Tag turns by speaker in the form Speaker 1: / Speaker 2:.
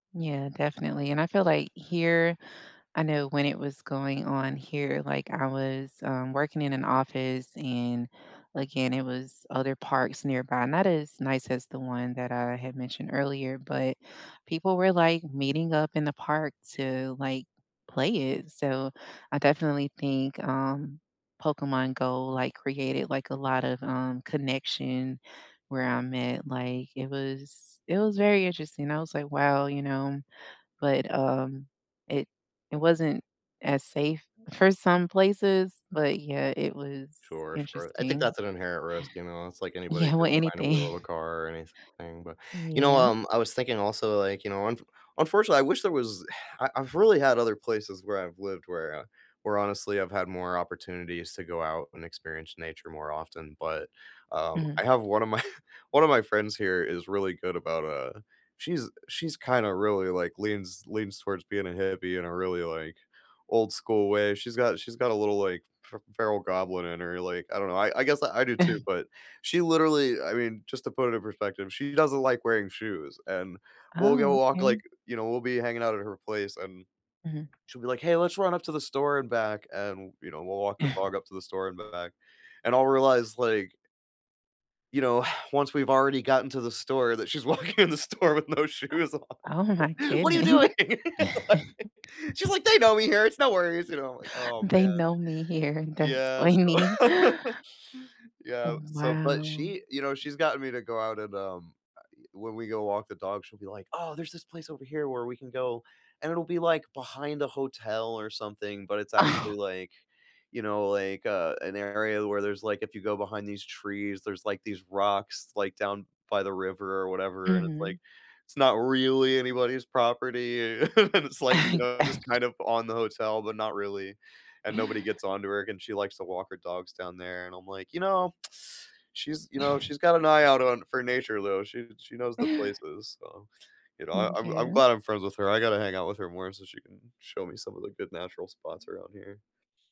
Speaker 1: Yeah, definitely, and I feel, like, here, I know when it was going on here, like, I was, um, working in an office and again it was other parks nearby, not as nice as the one that I had mentioned earlier, but people were, like, meeting up in the park to, like, play it, so I definitely think, um, Pokémon GO, like, created, like, a lot of, um, connection where I'm at, like, it was it was very interesting. I was like, "Wow, you know" but, um, it it wasn't as safe for some places, but yeah, it was
Speaker 2: Sure sure. I think
Speaker 1: interesting.
Speaker 2: that's an inherent risk, you know, it's, like, anybody
Speaker 1: Yeah, well,
Speaker 2: getting behind the wheel
Speaker 1: anything.
Speaker 2: of a car or anything, but, you know,
Speaker 1: Yeah.
Speaker 2: um, I was thinking also, like, you know, unf unfortunately, I wish there was, I I've really had other places where I've lived wher where honestly, I've had more opportunities to go out and experience nature more often, but um,
Speaker 1: Mhm.
Speaker 2: I have one of my one of my friends here is really good about, uh, she's, she's, kinda, really, like, leans leans towards being a hippie in a really, like, old school way. She's got she's got a little, like, fe feral goblin in her, like, I don't know, I I guess I do too, but she literally, I mean, just, to put it in perspective, she doesn't like wearing shoes, and we'll
Speaker 1: Oh,
Speaker 2: go walk,
Speaker 1: okay.
Speaker 2: like, you know, we'll be hanging out at her place, and
Speaker 1: Mhm.
Speaker 2: she'll be like, "Hey, let's run up to the store and back." and, you know, we'll walk the dog up to the store and back, and I'll realize, like you know, once we've already gotten to the store that she's walking in the store with no shoes
Speaker 1: Oh my
Speaker 2: on. What are you
Speaker 1: goodness.
Speaker 2: doing? She's like, "They know me here, it's no worries, you know." I'm like, "Oh
Speaker 1: They
Speaker 2: man."
Speaker 1: know me here, that's
Speaker 2: yeah,
Speaker 1: funny.
Speaker 2: so
Speaker 1: Oh
Speaker 2: yeah, so, but
Speaker 1: wow!
Speaker 2: she, you know, she's gotten me to go out and, um, a i when we go walk the dog, she'll be like, "Oh, there's this place over here where we can go." and it'll be, like, behind a hotel or something, but it's
Speaker 1: Oh.
Speaker 2: actually, like, you know, like, uh, an area where there's, like, if you go behind these trees, there's, like, these rocks, like, down by the river or whatever, and it's,
Speaker 1: Mhm.
Speaker 2: like, it's not really anybody's property, a and it's, like, you know, just,
Speaker 1: [unintelligible]
Speaker 2: kind of, on the hotel, but not really, and nobody gets on to her and she likes to walk her dogs down there, and I'm like, "You know, she's, you know, she's got an eye out on for nature though, she, she knows the
Speaker 1: Yeah.
Speaker 2: places." so, you know, I'm I'm
Speaker 1: M'kay.
Speaker 2: glad I'm friends with her. I gotta hang out with her more so she can show me some of the good natural spots around here.